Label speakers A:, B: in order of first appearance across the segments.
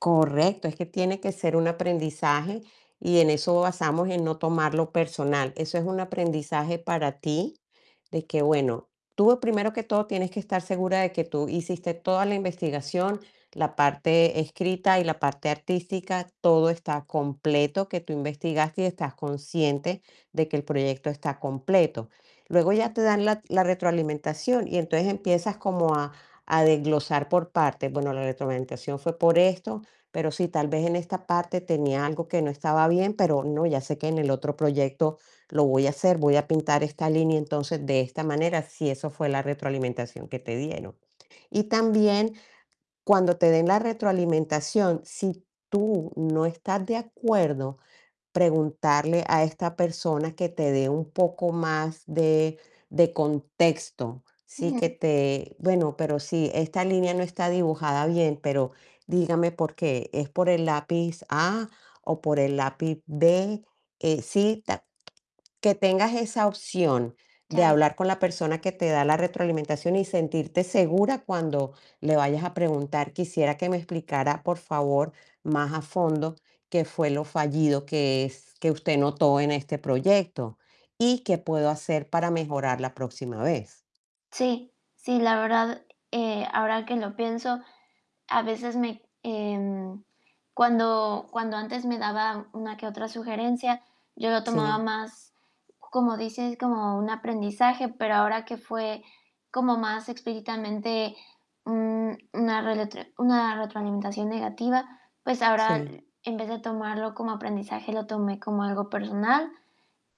A: Correcto, es que tiene que ser un aprendizaje, y en eso basamos, en no tomarlo personal. Eso es un aprendizaje para ti, de que bueno, tú, primero que todo, tienes que estar segura de que tú hiciste toda la investigación, la parte escrita, y la parte artística, todo está completo, que tú investigaste, y estás consciente, de que el proyecto está completo. Luego, ya te dan la la retroalimentación, y entonces, empiezas como a a desglosar por partes: "Bueno, la retroalimentación, fue por esto, pero sí, tal vez, en esta parte, tenía algo que no estaba bien, pero no, ya sé que en el otro proyecto lo voy a hacer. Voy a pintar esta línea entonces, de esta manera", si eso fue la retroalimentación que te dieron. Y también, cuando te den la retroalimentación, si tú no estás de acuerdo, preguntarle a esta persona, que te dé un poco más de de contexto. Sí, que
B: Ujú.
A: te: "Bueno, pero si esta línea, no está dibujada bien, pero dígame por qué, ¿es por el lápiz A, o por el lápiz B?", eh, sí, ta Que tengas esa opción, de
B: Ya ve
A: hablar con la persona, que te da la retroalimentación, y sentirte segura cuando le vayas a preguntar: "Quisiera que me explicara, por favor, más a fondo, qué fue lo fallido que es, que usted notó en este proyecto. Y qué puedo hacer, para mejorar la próxima vez".
B: Sí, sí, la verdad, eh, ahora que lo pienso, a veces me, em, cuando cuando antes, me daba una que otra sugerencia, yo lo tomaba
A: Sí.
B: más, como dices, como un aprendizaje, pero ahora, que fue como más explícitamente, mm, una reletro una retroalimentación negativa, pues ahora,
A: Sí.
B: en vez de tomarlo como aprendizaje, lo tomé como algo personal.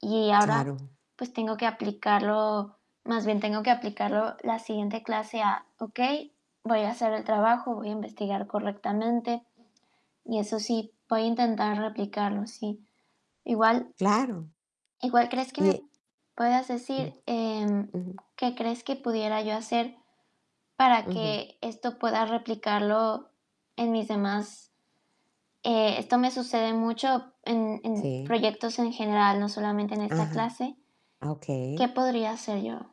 B: Y ahora,
A: Claro.
B: pues tengo que aplicarlo, más bien tengo que aplicarlo, la siguiente clase a: "Okey, voy a hacer el trabajo, voy a investigar correctamente". Y eso sí, voy a intentar replicarlo, sí. Igual
A: Claro.
B: Igual, ¿crees que
A: Y,
B: me p
A: eh
B: puedas
A: Mm.
B: decir, em,
A: Ujú.
B: ¿qué crees que pudiera yo hacer? Para
A: Ujú.
B: que esto pueda replicarlo, en mis demás eh, esto me sucede mucho, en en
A: Sí.
B: proyectos en general, no solamente en esta
A: Ajá.
B: clase,
A: Ah,
B: ¿qué
A: okey.
B: podría hacer yo?